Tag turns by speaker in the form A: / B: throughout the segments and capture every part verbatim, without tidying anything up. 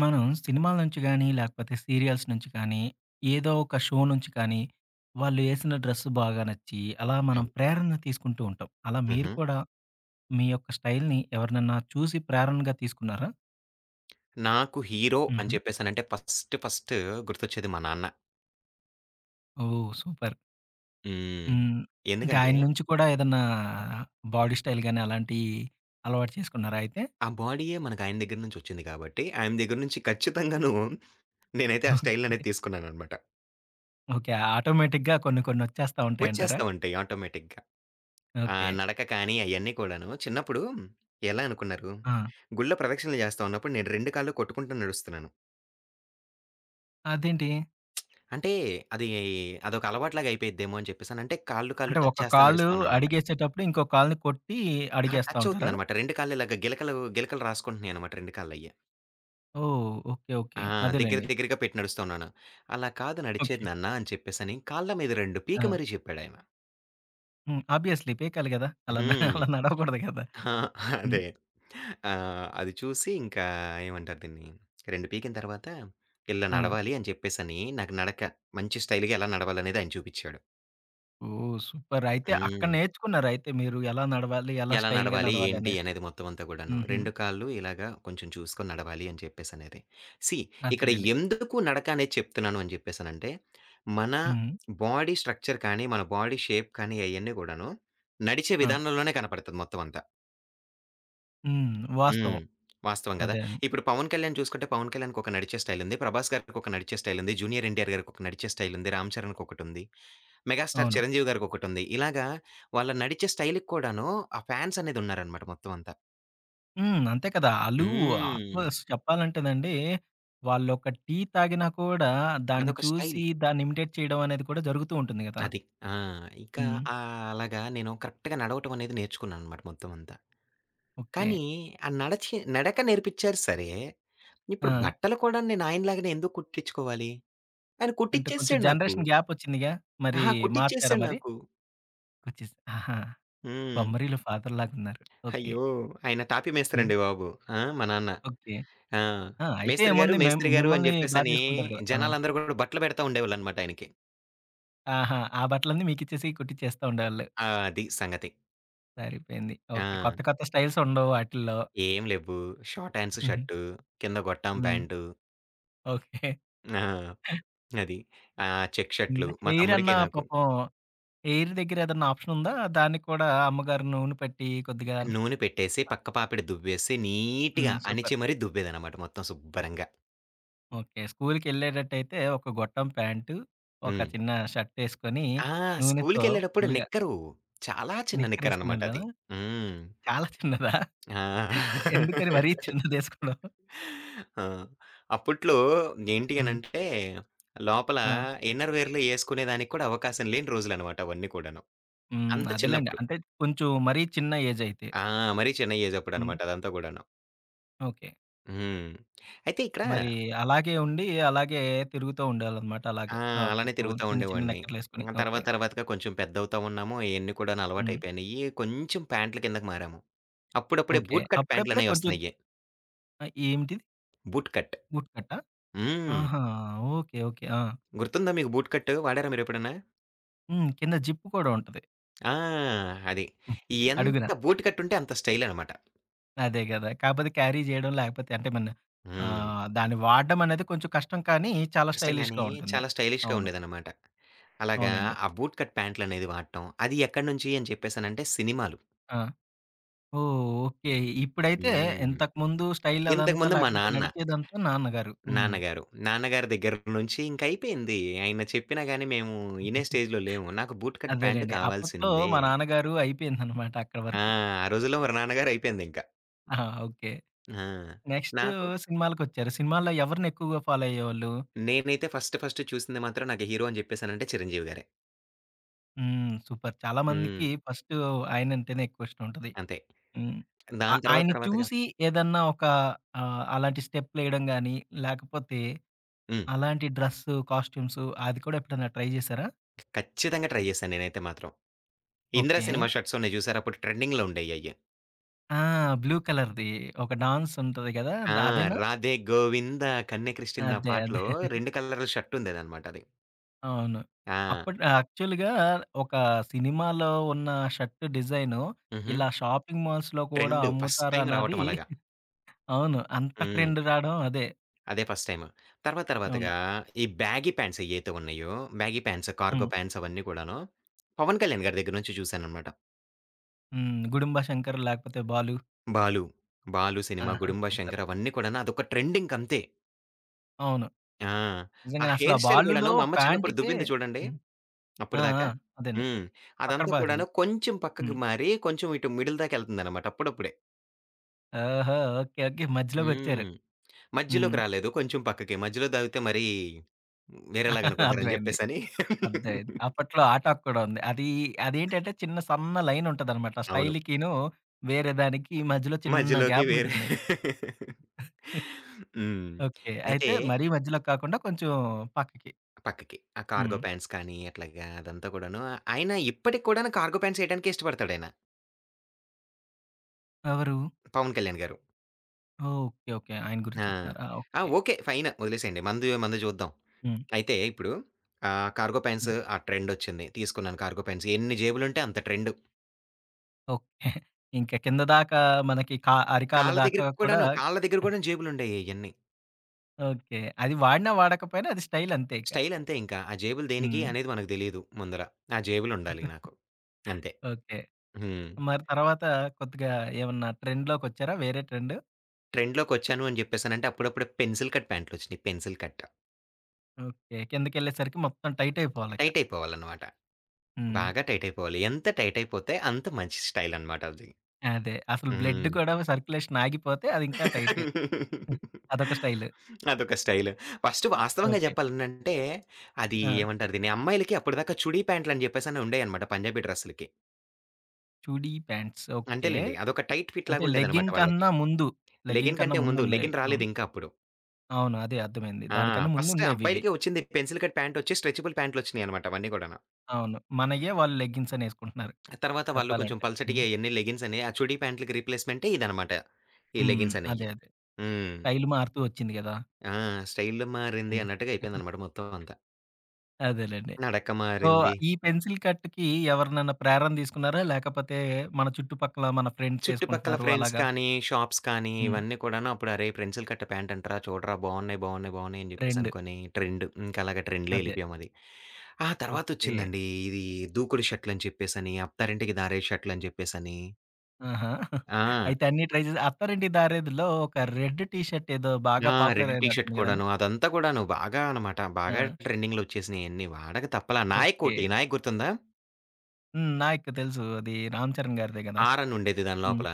A: మనం సినిమాల నుంచి గానీ లేకపోతే సీరియల్స్ నుంచి కానీ ఏదో ఒక షో నుంచి కానీ, వాళ్ళు ఏసిన డ్రెస్సు బాగా నచ్చి, అలా మనం
B: యం
A: ప్రేరణ తీసుకుంటూ ఉంటాం. అలా మీరు
B: హుహు.
A: కూడా, మీ యొక్క స్టైల్‌ని ఎవరినన్నా చూసి ప్రేరణగా తీసుకున్నారా?
B: నాకు హీరో,
A: హుహు.
B: అని చెప్పేసనంటే ఫస్ట్ ఫస్ట్ గుర్తొచ్చేది మా నాన్న.
A: ఓహ్! సూపర్.
B: హ్మ్.
A: హ్మ్. అంటే
B: ఎందుకంటే?
A: ఆయన్నించి కూడా ఏదన్నా, బాడీ స్టైల్ గాని అలాంటియి అలవాటు చేసుకున్నారా అయితే?
B: ఆ బాడీయే మనకు ఆయన దెగ్గర నుంచొచ్చింది కాబట్టి, ఆయన దెగ్గర నుంచి ఖచ్చితంగా [unintelligible] నేనైతే ఆ
A: ఆహ్!
B: స్టైల్
A: చె
B: అనేది తీసుకున్నాననమాట.
A: ఓకే. ఆటోమేటిక్‌గా కొన్ని కొన్ని వచ్చేస్తా ఉంటాయంటారా?
B: వచ్చేస్తా ఉంటాయి ఆటోమేటిక్‌గా. ఆ!
A: ఓకే.
B: నడక కానీ అయన్నీ కూడాను. చిన్నప్పుడు ఎలా అనుకున్నారు?
A: ఆ!
B: గుళ్ళో ప్రదక్షణలు చేస్తా ఉన్నప్పుడు నేను రెండు కాళ్ళు కొట్టుకుంటూ నడుస్తున్నాను.
A: అదేంటి?
B: అంటే, అదీ అదొక అలవాటులాగా అయిపోయిద్దేమో అని చెప్పేసనంటే, కాళ్ళు కాళ్ళు
A: అంటే
B: టచ్
A: ఒక
B: చేస్తా
A: కాలు
B: నడుస్తాననమాట.
A: అడుగేసేటప్పుడు ఇంకో కాాల్ని కొట్టి
B: అా!
A: అడుగేస్తా
B: టచ్
A: ఉంటారా?
B: అవుతుందనమాట. రెండు కాళ్ళు ఇలాగ గిలకలు గిలకలు రాసుకుంటున్నాయిన్నమాట రెండు కాళ్ళ అయ్యె.
A: ఓహ్! ఓకే. ఓకే.
B: ఆ! దెగ్గర
A: అదేలెండి.
B: దెగ్గరగా పెట్టి నడుస్తూ ఉన్నాను. అలా కాదు
A: ఓకె.
B: నడిచేది నాన్న అని చెప్పేసని కాళ్ళ మీద రెండు పీకి
A: ఆ!
B: మరీ చెప్పాడాయన.
A: హ్మ్. ఆబ్వియస్లీ పికాలి గదా! అలాన్న
B: హ్మ్.
A: అలా నడవకూడదు గదా!
B: ఆ!
A: హ్మ్.
B: అదే. ఆ! అది చూసి ఇంకా ఏమంటారు దీన్ని రెండు పీకిన తర్వాత, ఇల్లా
A: ఆ!
B: నడవాలి అని చెప్పేసని నాకు నడక మంచి స్టైల్‌గా ఎలా నడవాలి అనేది ఆయన చూపిచ్చాడు.
A: ఓహ్! సూపర్. అయితే అక్కడ
B: హ్మ్.
A: నేర్చుకున్నారయితే మీరు ఎలా నడవాలి? ఎలా
B: ఎలా
A: స్టైల్‌గా
B: నడవాలి? ఏంటి
A: నడవాలనేసి?
B: అనేది మొత్తం అంతా కూడాను.
A: హుహు.
B: రెండు కాళ్ళు ఇలాగ కొంచెం చూసుకొని నడవాలి అని చెప్పేసనేది. సీ ఇక్కడ
A: అంతేలెండి.
B: ఎందుకు నడకనేది చెప్తున్నాను అని చెప్పేసనంటే, మన
A: హ్మ్.
B: బాడీ స్ట్రక్చర్ కానీ, మన బాడీ షేప్ కానీ అయన్నీ కూడాను. నడిచే
A: ఆ!
B: విధానంలోనే కనపడతది మొత్తం అంతా.
A: హ్మ్.
B: హ్మ్.
A: వాస్తవం.
B: వాస్తవం గదా!
A: అదే అండి.
B: ఇప్పుడు 'పవన్ కళ్యాణ్' చూసుకుంటే 'పవన్ కళ్యాణ్‌'కొక నడిచే స్టైల్ ఉంది. 'ప్రభాస్' గారికి ఒక నడిచే స్టైల్ ఉంది. 'జూనియర్ ఎన్‌టి‌ఆర్' గారికి ఒక నడిచే స్టైల్ ఉంది. 'రామ్ చరణ్'కొకటుంది. 'మెగాస్టార్
A: అవును.
B: చిరంజీవి' గారికొకటుంది. ఇలాగా వాళ్ళ నడిచే స్టైల్‌కి కూడాను ఆ ఫాన్స్ అనేదున్నారనమాట మొత్తం అంతా.
A: హ్మ్. అంతే కదా! ఆళ్ళు
B: హ్మ్.
A: ఆఫస్ చెప్పాలంటేనండి. వాళ్ళొక టీ తాగినా కూడా దాన్ని
B: అదొక స్టైల్.
A: చూసి దాన్ని ఇమిటేట్ చేయడం అనేది కూడా జరుగుతూ ఉంటుంది గదా!
B: అది. ఆ! ఇకా
A: హ్మ్.
B: ఆ అలాగా నేను కరెక్ట్‌గా నడవటం అనేది నేర్చుకున్నాననమాట మొత్తం అంతా.
A: ఓకే.
B: కానీ ఆ నడచి నడక నేర్పిచ్చారు సరే! ఇప్పుడు
A: ఆ!
B: బట్టలు కూడా నేను ఆయనలాగానే ఎందుకు కుట్టిచ్చుకోవాలి? అరే
A: అంటే కొంచెం
B: కుట్టిచ్చేసేసాడు నాకు.
A: జనరేషన్ గ్యాప్ ఒచ్చిందిగా! మరి
B: అహా!
A: మార్చారా
B: కుట్టిచ్చేసాడు
A: మరి?
B: నాకు.
A: ఒచ్చేస్. ఆహా!
B: హ్మ్.
A: 'బొమ్మరీలు' ఫాదర్‌లాగున్నారు. ఓకే.
B: అయ్యో! ఆయన తాపీ
A: హ్మ్.
B: మేస్త్రండి బాబు. ఆ! మా నాన్న.
A: ఓకే.
B: ఆ!
A: ఆ! అయితే
B: మేస్త్రి గారు!
A: ఏముంది మిమ్
B: మేస్త్రి గారు! అని
A: మిమ్మల్ని బా
B: జెప్పేసని
A: జేసుకుంటారు కదా! ఆ!
B: జనాలందరూ కూడా బట్టలు పెడతా ఉండేవాళ్ళనమాట ఆయనకి.
A: ఆహా! ఆ బట్టలన్నీ మీకిచ్చేసి కుట్టిచ్చేస్తా ఉండేవాళ్ళు
B: ఆ! అది సంగతి.
A: సరిపోయింది. ఓకే.
B: ఆ!
A: కొత్త, కొత్త స్టైల్సుండవు వాటిల్లో.
B: ఏం లేవ్వు. షార్ట్ హ్యాండ్స్
A: హుహు.
B: షర్టు, కింద గోట్టాం
A: హ్మ్.
B: ప్యాంటు.
A: ఓకే.
B: ఆ! అది. ఆహ్, చెక్ షర్ట్‌లు,
A: హ్మ్.
B: మా తమ్ముడికి
A: హెయిరన్నా
B: నాకు.
A: పాపం హెయిర్ దెగ్గర ఏద‌న్నా ఆప్షనుందా? దానికి కూడా అమ్మగారి నూనె పెట్టి కొద్దిగా
B: నూనె పెట్టేసి, పక్క పాపిడ దువ్వేసి, నీట్‌గా
A: హ్మ్. సూపర్.
B: అణిచిమరి దువ్వేదన్నమాట మొత్తం సుబ్బరంగా.
A: ఓకే. స్కూలుకేళ్ళేటట్టయితే ఒక గొట్టం ప్యాంటు, ఒక
B: హ్మ్.
A: చిన్న షర్టేసుకొని,
B: ఆ!
A: నూనెతో
B: స్కూలు‌కేళ్ళేడప్పుడు
A: ఫుల్లుగా
B: నిక్కరు. చాలా చిన్న
A: నిక్కరేసుకునెళ్ళా?
B: నిక్కరనమాటది. హ్మ్.
A: చాలా చిన్నదా?
B: ఆ!
A: ఎందుకని మరీ చిన్నదేసుకోడం?
B: ఆ! అప్పుట్లో ఏంటి
A: హ్మ్.
B: అనంటే, లోపల
A: ఆ!
B: ఇన్నర్‌వేర్‌లు ఏసుకునే దానికి కూడా అవకాశం లేని రోజులనమాట అవన్నీ కూడాను.
A: హ్మ్.
B: అంత
A: అదేలెండి.
B: చిన్నప్పుడు.
A: అంటే కొంచెం మరీ చిన్న ఏజయితే.
B: ఆ! మరీ చిన్న
A: హ్మ్.
B: ఏజప్పుడనమాట. అదంతా గూడాను.
A: ఓకే.
B: హ్మ్. అయితే ఇక్కడ
A: మరి అలాగే ఉండి. అలాగే తిరుగుతా ఉండేవాళ్ళనమాట
B: ఆ!
A: అలాగే. ఆహ్,
B: అలానే
A: కొంచెం
B: తిరుగుతా
A: చిన్న, చిన్న
B: ఉండేవాడిని.
A: నిక్కర్లేసుకొని.
B: ఆహ్, తర్వాత
A: ఓకే.
B: తర్వాతగా కొంచెం పెద్దవుతా ఉన్నాము, ఇయన్నీ కూడాను
A: హ్మ్.
B: అలవాటయిపోయినాయి, కొంచెం ప్యాంట్లు కిందకి మారాము. అప్పుడప్పుడే
A: ఓకే.
B: బూట్ కట్
A: అప్పుడప్పుడే
B: ప్యాంట్లనేవి
A: కొంచెం
B: ఒస్తున్నాయి.
A: ఆ! ఏంటిది?
B: Boot cut.
A: బూట్ కట్టా?
B: హ్మ్.
A: ఆహా! ఓకే. ఓకే. ఆ!
B: గుర్తుందా మీకు బూట్ కట్టు వాడారా మీరెప్పుడైనా?
A: హ్మ్. కింద జిప్ కూడా ఉంటది.
B: ఆ! అది.
A: హ్మ్.
B: ఎంత
A: అడుగునా.
B: బూట్ కట్టు ఉంటే అంత స్టైలనమాట.
A: అదే గదా! కాకపోతే క్యారీ జేయడం లేకపోతే అంటేమన్న, ఆ!
B: హ్మ్.
A: దాన్ని వాడడమనేది కొంచెం కష్టం కానీ చాలా
B: కష్టం గానీ,
A: స్టైలిష్‌గా ఉంటుంది.
B: చాలా స్టైలిష్‌గా
A: అవును.
B: ఉండేదన్నమాట. అలాగా
A: అవునండి.
B: ఆ బూట్ కట్ ప్యాంట్లనేది వాడటం. అది ఎక్కడి నుంచి అని చెప్పేసనంటే, సినిమాలు.
A: ఆ! ఓహ్! ఓకే. ఇప్పుడైతే,
B: హ్మ్.
A: ఇంతకుముందు స్టైల్ అదంతా
B: ఇంతకుముందు మా
A: లేకపోతే,
B: నాన్న
A: నడిచేదంతా నాన్నగారు. హ్మ్.
B: నాన్నగారు. నాన్నగారి దెగ్గర నుంచి ఇంకైపోయింది. ఆయన చెప్పినా గాని మేము ఇనే స్టేజ్‌లో లేము. నాకు బూట్ కట్ ప్యాంట్
A: అదేలెండి. అప్పట్లో
B: కావాల్సిందే.
A: మా నాన్నగారు అయిపోయిందనమాట అక్కడ
B: ఆ!
A: వరకు.
B: ఆ రోజుల్లో మరి నాన్నగారు అయిపోయిందింక.
A: ఆ! ఓకే.
B: ఆ!
A: నెక్స్టు
B: నాకు
A: సినిమాలకొచ్చారు. సినిమాల్లో ఎవరినెక్కువగా ఫాలో అయ్యేవాళ్ళు?
B: నేనైతే ఫస్ట్ ఫస్ట్ చూసింది మాత్రం నాకు హీరో అని జెప్పేసనంటే చిరంజీవి గారే.
A: హ్మ్. సూపర్! చాలామందికి
B: హ్మ్.
A: ఫస్టూ ఆయనంటేనే ఎక్కువిష్టం ఉంటది.
B: అంతే.
A: హ్మ్. ఆ
B: దాని తర్వాత
A: ఆయన్ని
B: తర్వాతగా
A: చూసి ఏదన్నా ఒక ఆహ్, అలాంటి స్టెప్పులేయడం గాని, లేకపోతే,
B: హ్మ్.
A: అలాంటి డ్రెస్సు, కాస్ట్యూమ్సు అది కూడా ఎప్పుడైనా ట్రై జేశారా?
B: ఖచ్చితంగా ట్రై జేశాను నేనైతే మాత్రం. 'ఇంద్ర'
A: ఓకే.
B: సినిమా షర్ట్స్ ఉన్నాయి జూసారా? అప్పుడు ట్రెడింగ్‌లో ఉండేయయ్యి.
A: ఆ! బ్లూ కలర్‌ది. ఒక డాన్స్ ఉంటది కదా! ద
B: ఆ!
A: అదేనా?
B: రాధే గోవింద కన్యక్రిష్కింద ఆ
A: అదే అదే.
B: పాటలో, రెండు కలర్ల షర్ట్ ఉందేదన్నమాట అది.
A: అవును.
B: ఆ!
A: అప్పుటి యాక్చువల్‌గా ఒక సినిమాలో ఉన్న షర్ట్ డిజైను.
B: హుహు.
A: ఇలా షాపింగ్ మాల్స్‌లో కూడా
B: ట్రెండు ఫస్ట్ టైమ్
A: అమ్ముతారనది,
B: రావటం అలాగా.
A: అవును. అంత
B: హ్మ్.
A: ట్రెండ్ రాడం అదే.
B: అదే ఫస్ట్ టైమ్. తర్వాత
A: అవును.
B: తర్వాతగా ఇది బ్యాగీ ప్యాంట్స్ ఏయైతే ఉన్నాయో, బ్యాగీ ప్యాంట్స్, కార్గో
A: హ్మ్.
B: ప్యాంట్స్ అవన్నీ కూడాను. 'పవన్ కళ్యాణ్' గారి దెగ్గర నుంచి జూసాననమాట.
A: హ్మ్. 'గుడుంబ శంకర్' లాకపోతే 'బాలు'.
B: 'బాలు'. 'బాలు' సినిమా,
A: ఆహా!
B: 'గుడుంబ
A: సూపర్.
B: శంకర్' అవన్నీ కూడాన అదొక ట్రెండ్ ఇంకంతే.
A: అవును.
B: ఆ! ఆ
A: నిజంగానే అసలు ఆ
B: హెయిర్ స్టైల్ కూడాను,
A: బాలులో
B: మా అమ్మ చిన్నప్పుడు
A: ఫ్యాంట్‌కే
B: దువింది చూడండి.
A: హ్మ్. ఆ! ఆ!
B: అప్పటిదాకా.
A: అదండి.
B: హ్మ్.
A: అక్కడ
B: అదంతా
A: బాధలి.
B: కూడాను కొంచెం పక్కకు
A: హ్మ్.
B: మారి, కొంచెం ఇటు మిడిల్ దాకా వెళ్తుందన్నమాట అప్పుడప్పుడే.
A: ఓహో! ఓకే. ఓకే. మధ్యలోకొచ్చారు.
B: హ్మ్.
A: హ్మ్.
B: మధ్యలోకి రాలేదు, కొంచెం పక్కకి. మధ్యలో దాగితే మరీ, వేరేలాగనుకుంటారని
A: అర్థమైంది.
B: చెప్పేసని.
A: అర్థమైంది. అప్పట్లో ఆ టాక్ కూడా ఉంది. అది అదేంటంటే, చిన్న సన్న లైన్ ఉంటదనమాట.
B: అవును.
A: స్టైల్‌కినూ వేరే దానికి మధ్యలో చిన్న
B: మజ్యలోకి
A: గ్యాప్
B: వేరే
A: ఉంటుంది.
B: హ్మ్.
A: ఓకే. అయితే
B: అయితే
A: మరీ మధ్యలో కాకుండా కొంచెం పక్కకి.
B: పక్కకి. ఆ కార్గో
A: హ్మ్.
B: ప్యాంట్స్ కానీ, అట్లాగా అదంతా కూడాను ఆయన ఇప్పటికి కూడాను కార్గో ప్యాంట్స్ ఎయడానికే ఇష్టపడతాడాయన.
A: ఎవరు?
B: 'పవన్ కళ్యాణ్' గారు.
A: ఓకే. ఓకే. ఆయన
B: ఆ!
A: గురించి చెప్తున్నారా?
B: ఆ!
A: ఓకే.
B: ఓకే. ఫైన్ ఒదిలేసయండి. మనది మనది చూద్దాం.
A: హ్మ్.
B: అయితే ఇప్పుడు, ఆహ్, కార్గో ప్యాంట్స్
A: హ్మ్.
B: ఆ ట్రెండొచ్చింది. తీసుకున్నాను కార్గో ప్యాంట్స్ ఎన్ని జేబులు ఉంటే అంత ట్రెండు.
A: ఓకే. ఇంక కిందదాకా మనకి కా అరికాళ్ళ
B: కాళ్ళ
A: దాకా
B: దెగ్గరికి
A: కూడా
B: కూడాను,
A: హ్మ్.
B: కాళ్ళ దెగ్గర గూడా జేబులుండేయ్యి అయ్యన్నీ.
A: ఓకే. అది వాడినా వాడకపోయినా అది స్టైల్ అంతే ఇక.
B: స్టైల్ అంతే ఇంకా. ఆ జేబులు దేనికి?
A: హ్మ్.
B: అనేది మనకు తెలీదు ముందల ఆ జేబులుండాలి నాకు. అంతే.
A: ఓకే.
B: హ్మ్.
A: మరి తర్వాత కొద్దిగా ఏమన్నా ట్రెండ్‌లోకొచ్చారా వేరే ట్రెండు?
B: ట్రెండ్‌లోకొచ్చాను అని జెప్పేసనంటే, అప్పుడప్పుడే పెన్సిల్ కట్ ప్యాంట్లొచ్చినాయి పెన్సిల్ కట్.
A: ఓకే. కిందకెళ్ళేసరికి మొత్తం టైట్ అయిపోవాలిక.
B: టైట్ అయిపోవాలనమాట.
A: హ్మ్.
B: బాగా టైట్ అయిపోవాలి. ఎంత టైట్ అయిపోతే అంత మంచి స్టైలనమాటది.
A: అదే. అసలు బ్లడ్
B: హ్మ్.
A: గూడా సర్క్యులేషన్ ఆగిపోతే, అదింకా టైట్. హ్మ్. అదొక స్టైలు.
B: అదొక స్టైలు. ఫస్ట్ వాస్తవంగా
A: ఓకే.
B: చెప్పాలనంటే, అది
A: ఆ!
B: ఏమంటారు దీన్ని? అమ్మాయిలకి అప్పటిదాకా చుడీ ప్యాంట్లు అని జెప్పేసని ఉండేయన్నమాట పంజాబీ డ్రెస్సులకి.
A: చుడీ ప్యాంట్స్ ఓకే.
B: అంతేలెండి. అదొక టైట్ ఫిట్
A: అంటే
B: లాగుండేదనమాట
A: లెగ్గింగ్
B: వాళ్ళకి.
A: కన్నా ముందు. లెగ్గింగ్
B: లెగ్గిన్
A: కన్న
B: కంటే ముందు
A: ముందున్నాయి.
B: లెగ్గిన్
A: అవును.
B: రాలేదింకా అప్పుడు.
A: అవును. అదే అర్థమైంది.
B: ఆ!
A: దానికన్నా
B: ఫస్ట్
A: ముందుండేవివి.
B: అబ్బాయిలకే ఒచ్చింది పెన్సిల్ కట్ ప్యాంటొచ్చి స్ట్రెచబుల్ ప్యాంట్లు ఒచ్చినాయినమాట. అవన్నీ కూడాను.
A: అవును. మనయ్యే వాళ్ళు లెగ్గింగ్స్ అనేసుకుంటున్నారు.
B: తర్వాత వాళ్ళు కొంచెం
A: చెప్పాలంటే.
B: పల్చటియె
A: హ్మ్.
B: అయన్నీ లెగిన్స్ అని ఆ చుడీ ప్యాంట్లకి రిప్లేస్‌మెంటే ఇదన్నమాట. ఈ
A: హ్మ్.
B: లెగిన్స్
A: అదే.
B: అనేయి.
A: అదే.
B: హ్మ్.
A: స్టైలు మారుతూ ఒచ్చింది గదా!
B: ఆ! 'స్టైలు మారింది'
A: హ్మ్.
B: అన్నట్టుగా అయిపోయిందినమాట మొత్తం అంతా.
A: అదేలెండి.
B: 'నడక
A: సో,
B: మారింది.'
A: ఈ పెన్సిల్ కట్‌కి ఎవరినన్నా ప్రేరణ తీసుకున్నారా? లాకపోతే మన చుట్టుపక్కల మన
B: చుట్టుపక్కల
A: ఫ్రెండ్సేసుకుంటున్నారు
B: ఫ్రెండ్స్
A: అలాగా?
B: కానీ, షాప్స్ కానీ
A: హ్మ్.
B: ఇవన్నీ కూడాను అప్పుడు అరేయ్! పెన్సిల్ కట్ ప్యాంట్ అంటరాా చూడరా బావున్నాయి బావున్నాయి బావున్నాయి అని
A: ట్రెండు.
B: జెప్పేసనుకోని ట్రెండు. ఇంక అలాగా ట్రెండ్‌లో
A: అదే.
B: ఎళ్ళిపోయామది. ఆ
A: ఓకే.
B: తర్వాతొచ్చిందండి ఇది 'దూకుడు' షర్టులని చెప్పేసని 'అత్తారింటికి దారేది' షర్టులని జెప్పేసని.
A: ఆహా!
B: ఆ!
A: అయితే అన్నీ ట్రై చేసి 'అత్తారింటికి దారేదిలో' ఒక రెడ్ టీ షర్ట్ ఏదో బాగా
B: ఆ!
A: పాపులర్
B: రెడ్ టీ షర్ట్
A: అయినట్టుంది కదండీ!
B: కూడాను. అదంతా కూడాను బాగా అనమాట బాగా
A: ఆ!
B: ట్రెండింగ్‌లోచ్చేసినాయి. అన్నీ వాడక తప్పలా 'నాయక్'
A: ఓకే.
B: ఒకటి 'నాయక్' గుర్తుందా?
A: హ్మ్. 'నాయక్' తెలుసు. అది 'రామ్ చరణ్' గారిదే గదా.
B: ఆర్ అని ఉండేది దాని
A: హ్మ్.
B: లోపల.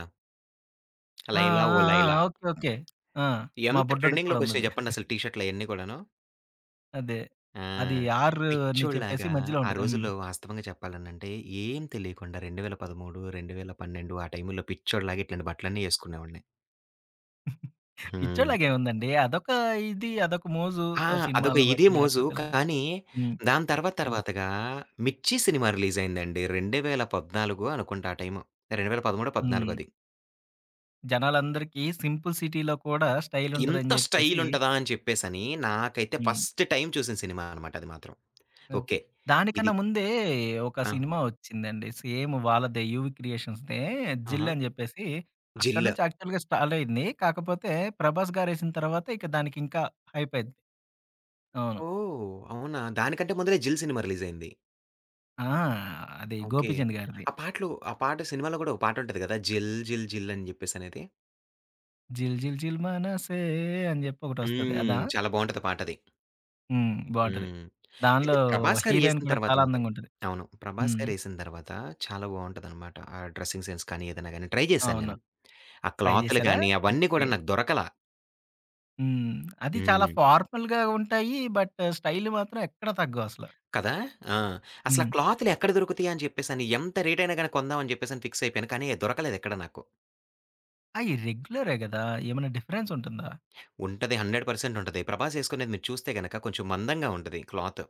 A: ఆ!
B: 'లైలా ఓ
A: ఆ! ఆ!
B: లైలా'.
A: ఓకే. ఓకే. ఆ! మా
B: ఎంత
A: బుడ్డోడికి కూడా
B: ట్రెండింగ్‌లోకొచ్చినాయి
A: ఉందది.
B: చెప్పండి అసలు టీ షర్ట్‌లయన్నీ కూడాను?
A: అదే.
B: ఆ!
A: అది ఆర్ అని చెప్పేసి
B: పిచోడ్లాగా
A: మధ్యలో
B: ఆ
A: ఉంటది. హ్మ్.
B: రోజుల్లో వాస్తవంగా చెప్పాలనంటే ఏం తెలియకుండా రెండు వేల పదమూడు రెండువేల పన్నెండు ఆ టైంలో పిచోడ్లాగా ఇట్లాంటి బట్టలన్నీ ఏసుకునేవాడిని. హ్మ్.
A: పిచ్చోలాగేముందండి. అదొక ఇది. అదొక మోజు.
B: ఆ!
A: ఆ
B: అదొక
A: సినిమాల్ని
B: ఇది,
A: బట్టి
B: మోజు
A: లాకపోతే ఇలాగా
B: కానీ,
A: హ్మ్.
B: దాని తర్వాత
A: హ్మ్.
B: తర్వాతగా 'మిర్చి' సినిమా రిలీజయిందండి. రెండు వేల పద్నాలుగు అనుకుంటా ఆ టైం రెండు వేల పడముడొ, పద్నాలుగొ
A: హ్మ్.
B: అది.
A: జనాలందరికీ సింపుల్ సిటీలో కూడా స్టైల్
B: ఇంత
A: ఉంటుదని
B: స్టైల్
A: చెప్పేసి
B: ఉంటదా అని చెప్పేసని నాకైతే
A: హ్మ్.
B: ఫస్ట్ టైమ్ చూసిన సినిమా అనమాట అది మాత్రం.
A: ఓకే.
B: ఓకే. ఇది
A: దానికన్నా ముందే ఒక
B: ఆ?
A: సినిమా ఒచ్చిందండి. సేమ్ వాళ్ళదే యూవి క్రియేషన్స్‌దె
B: ఆహా!
A: 'జిల్' అని జెప్పేసి అక్కడి
B: జిల్ల్.
A: నుంచి స్టాల్ స్టార్ట్ అయింది. కాకపోతే 'ప్రభాస్' గారెసిన తర్వాత ఇక దానికింకా హైప్ అయిద్ది. అవును.
B: ఓహ్! అవునా దానికంటే ముందలే 'జిల్' సినిమా రిలీజయింది.
A: ఆ! అది
B: ఓకే.
A: 'గోపీచంద్' గారిది.
B: ఆ పాటలు ఆ పాట సినిమాలో కూడా ఒక పాట ఉంటది కదా! 'జిల్ జిల్ జిల్' అని జెప్పేసనేది.
A: జిల్ జిల్ జిల్ మనసే అని జెప్పి ఒకటొస్తది. అదా?
B: హ్మ్. చాలా బావుంటది. పాటది.
A: హ్మ్. బావుంటది.
B: హ్మ్.
A: దానిలో
B: అయితే 'ప్రభాస్ గారు'
A: హీరోయిన్
B: ఏసిన
A: కూడా
B: తర్వాత
A: చాలా
B: మాత్రం
A: అందంగా ఉంటది.
B: అవును. 'ప్రభాస్
A: హ్మ్.
B: గారు' ఏసిన తర్వాత చాలా బావుంటదన్నమాట. ఆ డ్రెసింగ్ సెన్స్ కానీ, ఏదన్నా గాని, ట్రై జేశాను
A: అవును.
B: నేను. ఆ
A: ట్రై
B: క్లాతులు
A: జేసారా?
B: గానీ, అవన్నీ
A: ఓకే.
B: కూడా నాకు దొరకలా.
A: హ్మ్. అది చాలా
B: హ్మ్.
A: ఫార్మల్‌గా ఉంటాయి. బట్ స్టైల్ మాత్రం ఎక్కడ తగ్గవసలు.
B: కదా! ఆ! అసలు
A: హ్మ్.
B: ఆ క్లాతులు ఎక్కడ దొరుకుతయా? అని చెప్పేసని ఎంత రేటయినా గాని, కొందామని జెప్పేసని ఫిక్స్ అయిపోయాను. కానీ, దొరకలేదు ఎక్కడ నాకు.
A: అయి రెగ్యులరే గదా! ఏమన్నా డిఫరెన్స్ ఉంటుందా?
B: ఉంటది. హండ్రెడ్ పర్సెంట్ ఉంటది. ప్రభాస్ ఏసుకునేది మీరు చూస్తే గనుక కొంచెం మందంగా ఉంటది క్లాత్.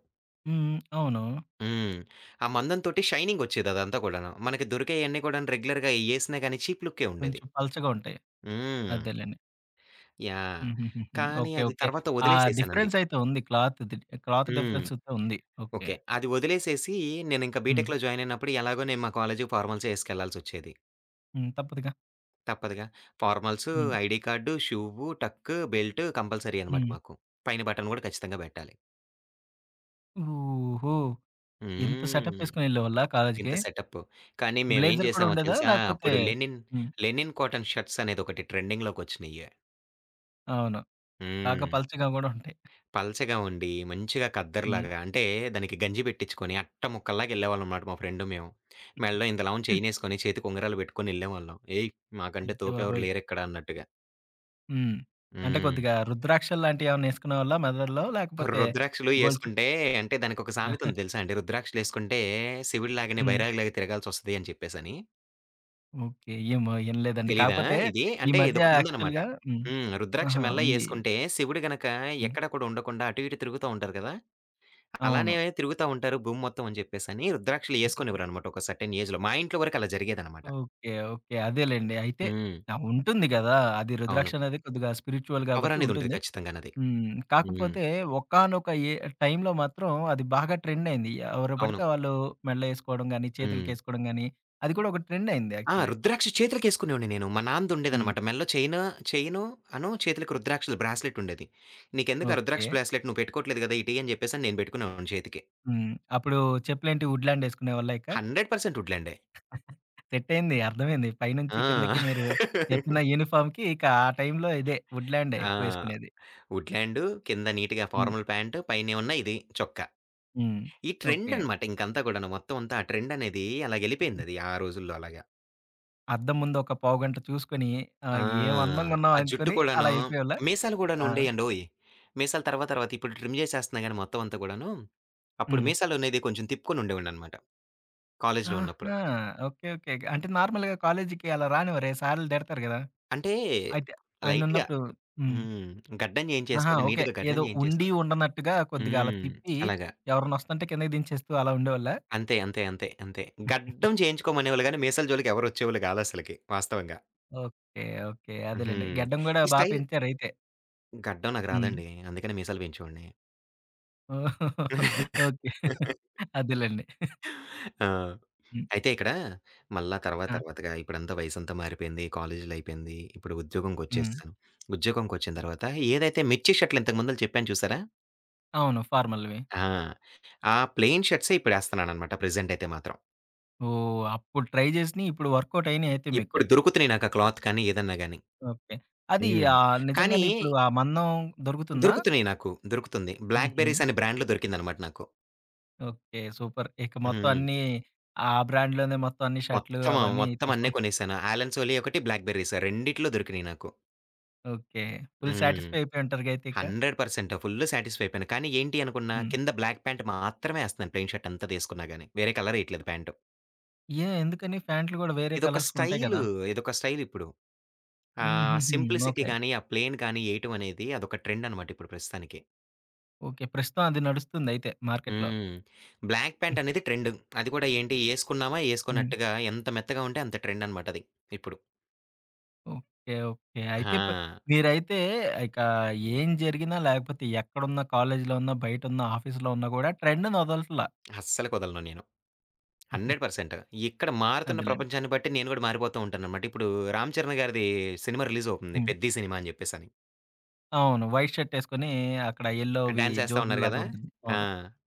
A: హ్మ్. హ్మ్. అవును.
B: హ్మ్. ఆ మందం తోటి, షైనింగొచ్చేది అదంతా కూడాను. మనకి దొరికేయన్నీ కూడాను రెగ్యులర్‌గా ఎయేసినా గానీ, చీప్ లుక్కే ఉండేది.
A: కొంచం పల్చగా ఉంటాయి.
B: హ్మ్.
A: అదేలెండి.
B: యాహ్!
A: హుహుహుహు.
B: కానీ,
A: ఓకే.
B: అది
A: ఓకే.
B: తర్వాత
A: ఆ
B: వదిలేసేసానది.
A: డిఫరెన్స్ అయితే ఉంది. క్లాత్‌దిది క్లాత్
B: హ్మ్.
A: డిఫరెన్స్ అయితే ఉంది. ఓకే.
B: ఓకే. అది వదిలేసేసి, నేనింకా
A: హ్మ్.
B: బీటెక్‌లో జాయిన్ అయినప్పుడు ఎలాగో నేను మా కాలేజ్‌కి ఫార్మాల్సే వేసుకెళ్ళాల్సి ఒచ్చేది.
A: హ్మ్. తప్పదుగా.
B: తప్పదుగా. ఫార్మల్స్,
A: హ్మ్.
B: ID card, shoe, tuck, belt compulsory అనమాట
A: హ్మ్.
B: మాకు. పైన బటన్ కూడా ఖచ్చితంగా బెట్టాలి.
A: ఓహో! ఎంత
B: హ్మ్.
A: సెటపేసుకొని ఎళ్ళేవాళ్ళా
B: ఇంత
A: కాలేజీకి?
B: సెటపు. కానీ మేమేం
A: బ్లేజర్ కూడా
B: జేసామో
A: ఉండేదా?
B: తెలుసా?
A: లాకపోతే
B: అప్పుడు లెనిన్,
A: హ్మ్.
B: లెనిన్ కాటన్ షర్ట్సనేది ఒకటి ట్రెండింగ్‌లోకొచ్చినియే.
A: అవును. బాగా
B: హ్మ్.
A: పల్చగా గూడా ఉంటాయి.
B: పలచగా ఉండి, మంచిగా
A: హ్మ్.
B: కద్దర్‌లాగా అంటే దానికి గంజి బె‌ట్టిచ్చుకొని, అట్ట ముక్కల్లాగెళ్ళేవాళ్ళనమాట మా ఫ్రెండు మేము. మెల్లో ఇంతలావున
A: హ్మ్.
B: చేయినేసుకొని, చేతి ఉంగరాలు బెట్టుకొని ఎళ్ళేవాళ్ళం. ఏయ్! మాకంటే
A: అయ్య!
B: తోపె‌వ్వరు
A: బాబోయ్!
B: లేరిక్కడ అన్నట్టుగా.
A: హ్మ్. అంటే
B: హ్మ్.
A: కొద్దిగా రుద్రాక్షళ్ళాంటియేమన్నా ఏసుకునేవాళ్ళా మెళ్ళల్లో లాకపోతే,
B: రుద్రాక్షలు
A: గొలుసు
B: ఏసుకుంటే, అంటే దానికొక సామెతుంది తెలుసా అండి. రుద్రాక్షలేసుకుంటే, శివుడిలాగానే
A: హ్మ్.
B: బైరాగిలాగా తిరగాల్సొస్తది అని చెప్పేసని.
A: ఓకే. ఏమో ఇనలేదండి.
B: తెలీదా
A: కాకపోతే,
B: ఇది.
A: ఈ
B: అంటే
A: మధ్య
B: ఇదొకటుందన్నమాట.
A: యాక్చువల్‌గా హ్మ్.
B: హ్మ్. రుద్రాక్ష
A: ఆహా!
B: మెళ్ళో
A: ఉంది.
B: ఏసుకుంటే, శివుడు గనక
A: హ్మ్.
B: ఎక్కడ కూడా ఉండకుండా అటు, ఇటు తిరుగుతా ఉంటారు కదా! అలానే
A: అవును.
B: తిరుగుతా ఉంటారు భూమి మొత్తం అని చెప్పేసని రుద్రాక్షలు ఏసుకొనేవ్వరనమాట. ఒక సర్టన్ ఏజ్‌లో. మా ఇంట్లో వరకు అలా జరిగేదనమాట.
A: ఓకే. ఓకే. అదేలెండి. అయితే.
B: హ్మ్.
A: ఆ! ఉంటుంది గదా! అది
B: అవును.
A: రుద్రాక్షనేది కొద్దిగా స్పిరిట్యువల్ గాబట్టి
B: పవరనేది ఉంటది
A: ఉంటుంది.
B: ఖచ్చితంగానది.
A: హ్మ్.
B: హ్మ్.
A: కాకపోతే, ఒకానొక ఏ టైంలో మాత్రం అది బాగా ట్రెండయింది. ఎవరు బడితే
B: అవును.
A: వాళ్ళు మెళ్ళో ఏసుకోడం గాని,
B: హ్మ్.
A: చేతులకెసుకోడం గాని, అది కూడా ఒక ట్రెండయ్యింది
B: ఆ!
A: యాక్చువల్లీ.
B: రుద్రాక్ష చేతులకేసుకునేవాడిని నేను, మా
A: హ్మ్.
B: నాన్నదుండేదన్నమాట. మెల్లో చెయిను, చెయిను అను చేతులకి రుద్రాక్షలు బ్రాస్లెటుండేది. నీకెందుకా రుద్రాక్ల
A: ఓకే.
B: బ్రాస్లెట్ నువ్వు పెట్టుకోవట్లేదు గదా, ఇటీ అని జెప్పేసని నేను బెట్టుకునేవాడిని చేతికి.
A: హ్మ్. అప్పుడు చెప్పులేంటి ఉడ్‌ల్యాండ్ ఏసుకునేవాళ్ళా ఇక?
B: హండ్రెడ్ పర్సంట్ ఉడ్‌ల్యాండే.
A: సెట్టయింది. అర్థమైంది. పైనుంచి
B: ఆ!
A: కిందకి మీరు చెప్పిన యూనిఫామ్‌కి ఇక ఆ టైంలో ఇదే వుడ్‌‌ల్యాండే
B: ఆ!
A: ఎక్కువేసుకునేది.
B: వుడ్‌ల్యాండు కింద నీట్‌గా
A: హ్మ్.
B: ఫార్మల్ ప్యాంటు, పైనేమన్న ఇది చొక్క.
A: హ్మ్.
B: ఈ
A: ఓకే.
B: ట్రెండనమాట ఇంకంతా గూడాను, మొత్తం అంతా ఆ ట్రెండనేది అలాగెళ్ళిపోయిందది ఆ రోజుల్లో అలాగా.
A: అద్దం ముందు ఒక పావుగంట చూసుకొని,
B: ఆ!
A: ఆహ్, ఏం అందంగా
B: ఆ జుట్టు
A: ఉన్నావనుకొని అలా
B: కూడాను,
A: ఎళ్ళిపోయేవాళ్ళ?
B: మీసాలు
A: ఆ!
B: కూడానుండేయండోయ్! మీసాల తర్వాత తర్వాత ఇప్పుడు ట్రిమ్ జేసేస్తన్నాా గాని మొత్తమంతా కూడాను. అప్పుడు
A: హ్మ్.
B: మీసాలు అనేది కొంచెం తిప్పుకొని ఉండేవాడిననమాట. కాలేజీలో ఉన్నప్పుడు.
A: ఆహా! ఓకే. ఓకే. గ అంటే నార్మల్‌గా కాలేజికి అలా రానివ్వరే! సార్లు తిడతారు కదా!
B: అంటే,
A: అయితే
B: లైట్‌గా.
A: ఆయనున్నప్పుడు హ్మ్.
B: హ్మ్. గడ్డం
A: ఆహా!
B: జేయించేసుకొని
A: ఓకే.
B: నీట్‌గా, గడ్డం
A: ఏదో ఉండి
B: జేయించేసుకొని
A: ఉండనట్టుగా కొద్దిగా అలా
B: హ్మ్.
A: తిప్పి,
B: అలాగా.
A: ఎవరన్న ఒస్తంటే కిందకి దించేేస్తూ అలా ఉండేవాళ్ళా?
B: అంతే. అంతే. అంతే. అంతే. గడ్డం చేయించుకోమనేవాళ్ళుగానీ మీసాల జోలికెవరు ఒచ్చేవాళ్ళు కాదసలకి, వాస్తవంగా.
A: ఓకే. ఓకే.
B: హు.
A: అదేలెండి.
B: హ్మ్.
A: గడ్డం కూడా
B: ఈ
A: బా
B: స్టైల్
A: పెంచారైతే.
B: గడ్డం నాకు
A: హ్మ్.
B: రాదండి. అందుకని మీసాలు పెంచేవాడిని.
A: ఓకే. అదేలెండి.
B: ఆ!
A: హ్మ్.
B: అయితే ఇక్కడా, మళ్ళా తర్వాత
A: ఆ!
B: తర్వాతగా ఇప్పుడంతా వయసంతా మారిపోయింది, కాలేజీలో అయిపోయింది. ఇప్పుడు ఉద్యోగంకి
A: హ్మ్.
B: వచ్చేసాను. ఉద్యోగంకి ఒచ్చిన తర్వాత ఏదైతే 'మిర్చి' షర్టులు ఇంతకుముందులు చెప్పాను చూసారా?
A: అవును ఫార్మల్‌వి.
B: ఆ! ఆ ప్లెయిన్ షర్ట్సే ఇప్పుడేస్తున్నాననమాట ప్రెజెంట్ అయితే మాత్రం.
A: ఓహ్! అప్పుడు ట్రై జేసినియి ఇప్పుడు వర్క్‌ఔట్ అయినయి అయితే మీకు.
B: ఇప్పుడు దొరుకుతున్నాయి నాకు ఆ క్లాత్ కానీ ఏదన్నా గాని.
A: ఓకే. అది
B: హ్మ్.
A: ఆహ్,
B: కానీ
A: నిజంగానే ఇప్పుడు ఆ మందం దొరుకుతుందా?
B: దొరుకుతున్నాయి నాకు. దొరుకుతుంది. బ్లాక్
A: హుహు.
B: బెర్రీస్ అనే బ్రాండ్‌లో దొరికిందనమాట నాకు.
A: ఓకే. సూపర్. ఇక మొత్తం
B: హ్మ్.
A: అన్నీ, ఆ బ్రాండ్‌లోనే మొత్తం అన్ని షర్టులు
B: మొత్తమ ఆ
A: అవన్నీ
B: మొత్తం అన్నీ
A: తీసుకుని
B: కొనేశాను. 'ఆలన్ సోలీ' ఒకటి 'బ్లాక్ బెర్రీస్' రెండిటిల్లో దొరికినీయి నాకు.
A: ఓకే. ఫుల్
B: హ్మ్.
A: సాటిస్ఫై అయిపోయుంటారుగా అయితే ఇక!
B: హండ్రెడ్ పర్సంట్ ఫుల్లు సాటిస్ఫైపోయాను. కానీ ఏంటి అనుకున్నా
A: హ్మ్.
B: కింద బ్లాక్ ప్యాంట్ మాత్రమే ఏస్తన్నాను. ప్లెయిన్ షర్ట్ ఎంతదేసుకున్నా గాని. వేరే కలరేఎయట్లేదు ప్యాంటు.
A: ఏ? ఎందుకని? ఫ్యాంట్లు కూడా వేరే
B: ఇదొక
A: కలర్స్ ఉంటాయి
B: స్టైలు.
A: గదా!
B: ఇదొక స్టైలిప్పుడు. ఆహ్,
A: హుహుహు.
B: Simplicity
A: okay.
B: గాని, ఆ ప్లెయిన్ గాని ఏయటం అనేది అదొక ట్రెండనమాటిప్పుడు ప్రస్తుతానికి.
A: ఓకే. ప్రస్తుతం అది నడుస్తుందయితే మార్కెట్‌లో.
B: హ్మ్. బ్లాక్ ప్యాంటనేది ట్రెండు. అది కూడా ఏంటి, ఏసుకున్నామా
A: హ్మ్.
B: ఏసుకొనట్టుగా ఎంత మెత్తగా ఉంటే అంత ట్రెండనమాటది. ఇప్పుడు.
A: ఓకే. ఓకే. అయితే ప
B: హా!
A: మీరైతే ఇకా ఏం జరిగినా లాకపోతే ఎక్కడున్నా, కాలేజిలో ఉన్నా, బయటున్నా, ఆఫీస్‌లో ఉన్నా గూడా ట్రెండునొదలట్లా.
B: అస్సలకొదలను నేను. Hundred percent. ఇక్కడ మారుతున్న
A: అదెలెండి.
B: ప్రపంచాన్ని బట్టి నేను గూడా మారిపోతూ ఉంటాననమాట. ఇప్పుడు రామ్ చరణ్ గారిది సినిమా రిలీజ్ అవుతుంది,
A: హ్మ్.
B: 'పెద్ది' సినిమా అని జెప్పేసని.
A: అవును. వైట్ షర్టేసుకొని అక్కడ
B: ఆ
A: ఎల్లోవి
B: డ్యాన్స్ ఏ‌స్తా ఉన్నారు
A: జోబుల్లాగా
B: గదా!
A: ఉంటది.
B: ఆ!
A: అవును.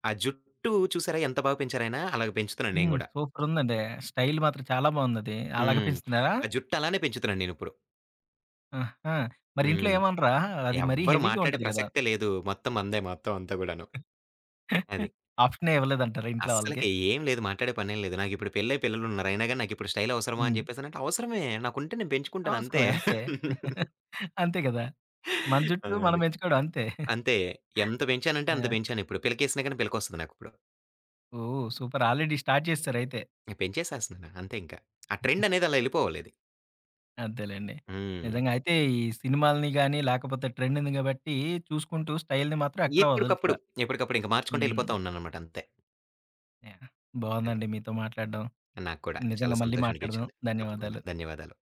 B: ఆ జుట్టూ చూసారా? ఎంత బాగ పెంచారాయనాా? అలాగ పెంచుతున్నాను నేను
A: హ్మ్.
B: గూడా.
A: సూపరుందండి. స్టైల్ మాత్రం చాలా బావుందది. అలాగ
B: హ్మ్.
A: పెంచుతున్నారా?
B: ఆ జుట్టలానే పెంచుతున్నా నేనిప్పుడు.
A: ఆహా! మరి ఇంట్లో
B: హ్మ్.
A: ఏమనరా? అది మరీ
B: ఎవ్వరు
A: హెవీగా
B: మాట్లాడే
A: ఉంటది కదా!
B: ప్రసక్తే లేదు. మొత్తం మందే మొత్తం అంతా గూడాను. అది.
A: ఆప్షనే ఇవ్వలేదంటారా ఇంట్లో వాళ్ళకి?
B: అస్సలకి ఏం లేదు మాట్లాడే పనేం లేదు. నాకిప్పుడు పెళ్ళయి పిల్లలున్నారు అయినాగాని నాకిప్పుడు స్టైలవసరమా? అని
A: హ్మ్.
B: చెప్పేసనంటే, అవసరమే. నాకుంటే నేను పెంచుకుంటానంతే.
A: అవసరమే. అంతే. అంతే గదా! మన
B: ఆ!
A: జుట్టూ మనం
B: అది.
A: బెంచుకోడం అంతే.
B: అంతే ఎంత బెంచానంటే అంత
A: ఆ!
B: బెంచానిప్పుడు. పిలకేసినాగాని పి‌లకొస్తది నాకిప్పుడు.
A: ఓహ్! సూపర్ ఆల్రెడి స్టార్ట్ జేసేసారయితే.
B: నేను పెంచేసేస్తున్నాను. అంతే ఇంకా. ఆ ట్రెండనేది అలా ఎళ్ళిపోవాలిది.
A: అంతేలేండి.
B: హ్మ్.
A: నిజంగా, అయితే ఈ సినిమాలని గాని, లాకపోతే ట్రెండ్‌ని గాబట్టి చూసుకుంటూ స్టైల్‌ని మాత్రం ఎక్కడా
B: ఎప్పు‌డికప్పుడు,
A: వదలట్లా.
B: ఎప్పడికప్పుడు ఇంక మార్చుకుంటే
A: హ్మ్.
B: ఎళ్ళిపోతా ఉన్నాననమాటంతే.
A: యాహ్!
B: అది.
A: బావుందండి మీతో మాట్లాడడం.
B: నాకు కూడా చాలా
A: నిజంగా మళ్ళీ
B: సంతోషం
A: మాట్లాడదాం.
B: అనిపిచ్చింది. తప్పకుండా.
A: ధన్యవాదాలు.
B: ధన్యవాదాలు.